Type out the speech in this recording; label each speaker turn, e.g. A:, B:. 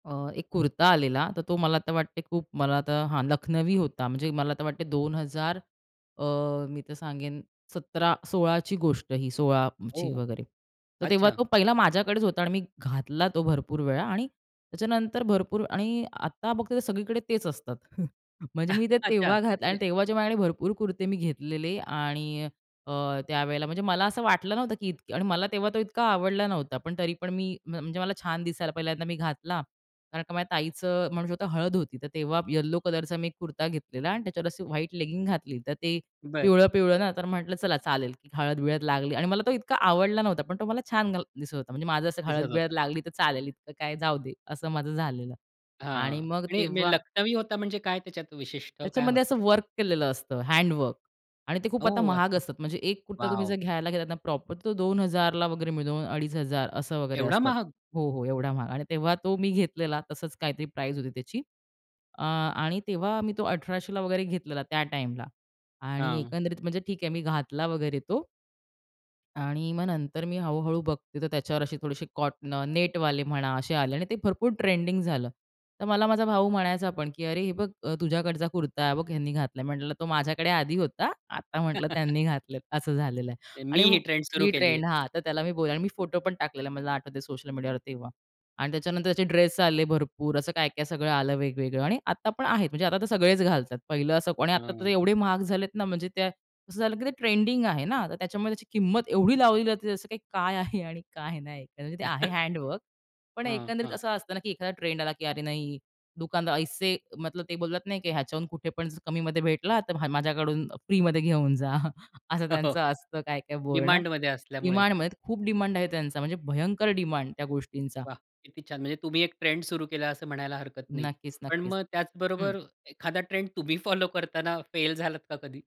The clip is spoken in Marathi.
A: अ, एक कुर्ता आलेला, तर तो मला तर वाटते खूप मला तर हां, लखनवी होता. म्हणजे मला तर वाटते, 2000 अ, मी तर सांगेन 17 16ची गोष्ट ही 16ची
B: ओह,
A: वगैरे. तर तेव्हा
B: अच्छा.
A: तो पहिला माझ्याकडेच होता आणि मी घातला तो भरपूर वेळा. आणि त्याच्यानंतर भरपूर आणि आता फक्त ते सगळीकडे तेच असतात. म्हणजे मी ते
B: अच्छा.
A: तेव्हा घातलं आणि
B: म्हणजे
A: तेव्हा जे माझ्याकडे भरपूर कुर्ते मी घेतलेले आणि अ, त्यावेळेला म्हणजे मला असं वाटलं नव्हतं, की इतके आणि मला तेव्हा तो इतका आवडला नव्हता. पण तरी पण मी म्ह म्हणजे मला छान दिसायला पहिल्यांदा मी घातला, कारण का माझ्या ताईचं म्हणू शकतो हळद होती. तर तेव्हा यल्लो कलरचा मी एक कुर्ता घेतलेला आणि त्याच्यावर अशी व्हाईट लेगिंग घातली. तर ते
B: बरं.
A: पिवळं-पिवळं ना, तर म्हटलं चला चालेल की हळद-बिळद लागली आणि मला तो इतका आवडला नव्हता. पण तो मला छान घाल दिसत होता म्हणजे माझं असं
B: दिसत
A: हळद-बिळद
B: होता.
A: लागली, तर चालेल इतकं काय जाऊ दे असं माझं झालेलं
B: हां.
A: आणि मग
B: आणि मे
A: तेव्हा
B: लखनवी होता म्हणजे काय? त्याच्यात विशिष्ट काय
A: त्याच्यामध्ये
B: होतं?
A: असं वर्क केलेलं असतं हँडवर्क आणि ते खूप आता
B: ओह!
A: महाग
B: अच्छा.
A: असतात. म्हणजे एक कुर्ता तुम्ही जर
B: वॉव!
A: घ्यायला घेतला ना, प्रॉपर तो 2000 वगैरे मिळून 2500 असं वगैरे
B: एवढा
A: असतात.
B: महाग?
A: हो, हो एवढा महाग. आणि तेव्हा तो मी घेतलेला तसंच काहीतरी प्राईस होती त्याची. अ आणि तेव्हा मी तो 1800 वगैरे घेतलेला त्या टाईमला. आणि
B: हां.
A: एकंदरीत म्हणजे ठीक आहे मी घातला वगैरे तो आणि मग नंतर मी हळू-हळू बघते तर त्याच्यावर असे थोडेसे कॉट न नेटवाले म्हणा असे आले आणि ते भरपूर ट्रेंडिंग झालं. तर मला माझा भाऊ म्हणायचा पण, की अरे हे बघ अ, तुझ्याकडचा कुर्ता हे बघ, ह्यांनी घातला आहे. म्हटलं तो माझ्याकडे आधी होता, आता म्हटलं त्यांनी घातले आहेत. असं झालेलं आहे
B: मी
A: आणि
B: ही
A: मग
B: ट्रेंड सुरु
A: ही
B: केली
A: ट्रेंड,
B: आहे.
A: हां, तर त्याला मी बोलले आणि मी फोटो पण टाकलेला, मला आठवत सोशल मीडियावर तेव्हा. आणि त्याच्यानंतर त्याचे ड्रेस आले भरपूर, असं काय-काय सगळं आलं वेगवेगळं आणि आता पण आहेत, म्हणजे आता तर सगळेच घालतात पहिलं असं आणि आता तर
B: हं.
A: एवढे महाग झालेत ना, म्हणजे त्या असं झालं की ते ट्रेंडिंग आहे ना, तर त्याच्यामुळे त्याची किंमत एवढी लावलेली असते असं काही काय आहे आणि काय नाही तर म्हणजे ते आहे हँडवर्क पण
B: हं,
A: एकंदरीत
B: हां.
A: असं असतं ना, की एखादा ट्रेंड आला की अरे, नाही दुकानदार ऐसे मतलब ते बोललात, नाही की ह्याच्याहून कुठे पण कमीमध्ये भेटला, तर म्ह माझ्याकडून फ्रीमध्ये घेऊन जा असं
B: हो, हो.
A: त्यांचं असतं, काय-काय बोलणं.
B: डिमांडमध्ये असल्यामुळे.
A: डिमांडमध्ये खूप डिमांड आहे त्यांचा म्हणजे भयंकर डिमांड त्या गोष्टींचा.
B: वाह! किती छान म्हणजे तुम्ही एक ट्रेंड सुरु केला असं म्हणायला हरकत नाही.
A: नक्कीच
B: पण
A: नक्कीच.
B: मग
A: हं.
B: त्याचबरोबर एखादा ट्रेंड तुम्ही फॉलो करताना फेल झालात का कधी?